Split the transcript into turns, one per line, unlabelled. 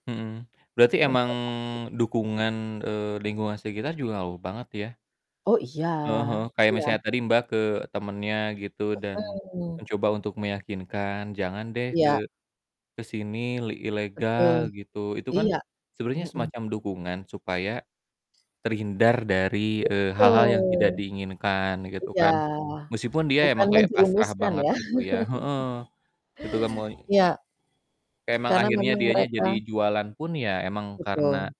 Mhm, berarti emang
[unintelligible]
dukungan, eee, lingkungan sekitar juga ngaruh banget, ya?
Oh, iya.
Heeh heeh, kayak
Iya.
misalnya tadi Mbak ke temennya gitu, dan
Heeh.
mencoba untuk meyakinkan, "Jangan deh ke
Iya.
ke sini, li
Betul,
ilegal." Gitu. Itu kan
iya,
sebenernya
heeh.
semacam dukungan supaya terhindar dari, eee, hal-hal yang tidak
Betul.
diinginkan, gitu
Iya,
kan. Meskipun dia
bukan
emang kayak pasrah
menjerumuskan
banget,
ya?
gitu ya, heeh. Itu kan mulai
Ya. K
emang
karena
akhirnya
memang
dianya
mereka
jadi jualan pun, ya, emang
Betul.
karena